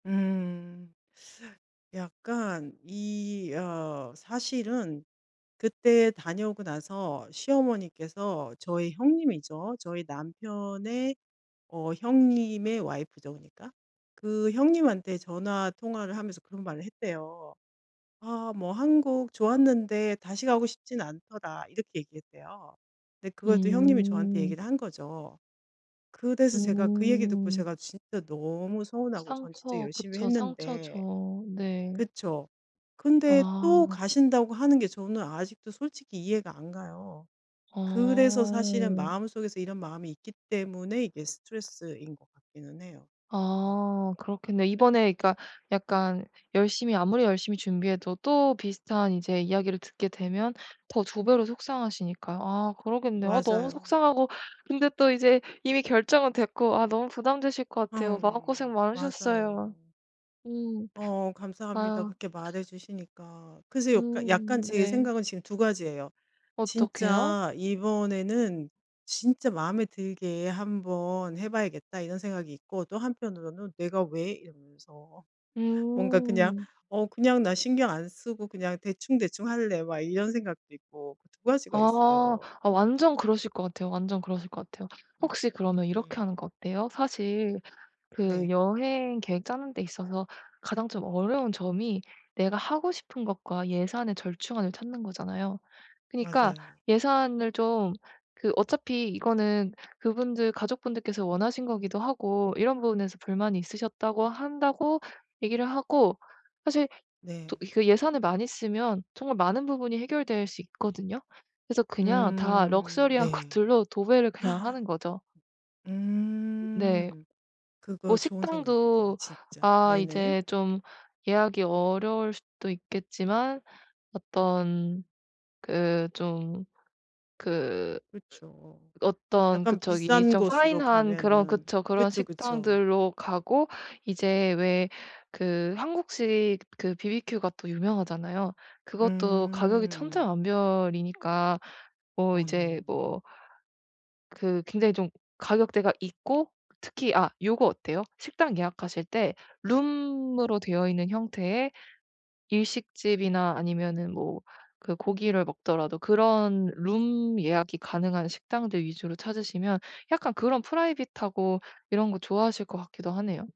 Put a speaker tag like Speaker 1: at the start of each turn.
Speaker 1: 음. 약간 이 어 사실은 그때 다녀오고 나서 시어머니께서 저희 형님이죠. 저희 남편의 어 형님의 와이프죠 그러니까. 그 형님한테 전화 통화를 하면서 그런 말을 했대요. "아 뭐 한국 좋았는데 다시 가고 싶진 않더라." 이렇게 얘기했대요. 네 그걸 또 형님이 저한테
Speaker 2: 음.
Speaker 1: 얘기를 한 거죠. 그래서 제가 그 얘기 듣고
Speaker 2: 음.
Speaker 1: 제가 진짜 너무 서운하고 전 진짜
Speaker 2: 상처.
Speaker 1: 열심히
Speaker 2: 그쵸.
Speaker 1: 했는데
Speaker 2: 상처죠. 네.
Speaker 1: 그쵸. 근데 또
Speaker 2: 아.
Speaker 1: 가신다고 하는 게 저는 아직도 솔직히 이해가 안 가요. 그래서 사실은
Speaker 2: 아.
Speaker 1: 마음속에서 이런 마음이 있기 때문에 이게 스트레스인 것 같기는 해요. 네.
Speaker 2: 아. 그렇겠네요. 이번에 그러니까 약간 열심히 아무리 열심히 준비해도 또 비슷한 이제 이야기를 듣게 되면 더 2 배로 속상하시니까요. 아 그러겠네요. 아 너무
Speaker 1: 맞아요.
Speaker 2: 속상하고 근데 또 이제 이미 결정은 됐고 아 너무 부담되실 것 같아요. 마음고생
Speaker 1: 아응.
Speaker 2: 많으셨어요.
Speaker 1: 맞아요.
Speaker 2: 음.
Speaker 1: 어 감사합니다.
Speaker 2: 아유.
Speaker 1: 그렇게 말해 주시니까. 그래서 역간 약간
Speaker 2: 음.
Speaker 1: 제
Speaker 2: 네.
Speaker 1: 생각은 지금 2 가지예요.
Speaker 2: 어떻게요?
Speaker 1: '진짜 이번에는 진짜 마음에 들게 한번 해 봐야겠다.' 이런 생각이 있고 또 한편으로는 '내가 왜?' 이러면서 뭔가 그냥
Speaker 2: 음.
Speaker 1: '어 그냥 나 신경 안 쓰고 그냥 대충대충 할래.' 막 이런 생각도 있고 2 가지가
Speaker 2: 아.
Speaker 1: 있어요.
Speaker 2: 아 완전 그러실 것 같아요. 완전 그러실 것 같아요.
Speaker 1: 음.
Speaker 2: 혹시 그러면 이렇게
Speaker 1: 네.
Speaker 2: 하는 거 어때요? 사실 그
Speaker 1: 네.
Speaker 2: 여행 계획 짜는 데 있어서 가장 좀 어려운 점이 내가 하고 싶은 것과 예산의 절충안을 찾는 거잖아요. 그니까
Speaker 1: 맞아요.
Speaker 2: 예산을 좀 그 어차피 이거는 그분들 가족분들께서 원하신 거기도 하고 이런 부분에서 불만이 있으셨다고 한다고 얘기를 하고 사실 또
Speaker 1: 네.
Speaker 2: 이 그 예산을 많이 쓰면 정말 많은 부분이 해결될 수 있거든요. 그래서 그냥 다
Speaker 1: 음.
Speaker 2: 럭셔리한
Speaker 1: 네.
Speaker 2: 것들로 도배를 그냥 하는 거죠. 네.
Speaker 1: 음.
Speaker 2: 어
Speaker 1: 그거 좋은 생각이네요
Speaker 2: 식당도
Speaker 1: 진짜.
Speaker 2: 아
Speaker 1: 네네.
Speaker 2: 이제 좀 예약이 어려울 수도 있겠지만 어떤 그 좀 그
Speaker 1: 그쵸.
Speaker 2: 으 어떤 그
Speaker 1: 약간
Speaker 2: 저기
Speaker 1: 비싼
Speaker 2: 좀
Speaker 1: 곳으로
Speaker 2: 파인한 그런
Speaker 1: 가면은.
Speaker 2: 그쵸. 그런
Speaker 1: 그쵸, 그쵸.
Speaker 2: 식당들로 가고 이제 왜 그 한국식 그 바비큐 가 또 유명하잖아요. 그것도 가격이
Speaker 1: 음.
Speaker 2: 천차만별이니까 뭐
Speaker 1: 어
Speaker 2: 이제
Speaker 1: 네.
Speaker 2: 뭐 그 굉장히 좀 가격대가 있고 특히 아 요거 어때요? 식당 예약하실 때 룸으로 되어 있는 형태의 일식집이나 아니면은 뭐 그 고기를 먹더라도 그런 룸 예약이 가능한 식당들 위주로 찾으시면 약간 그런 프라이빗하고 이런 거 좋아하실 것 같기도 하네요.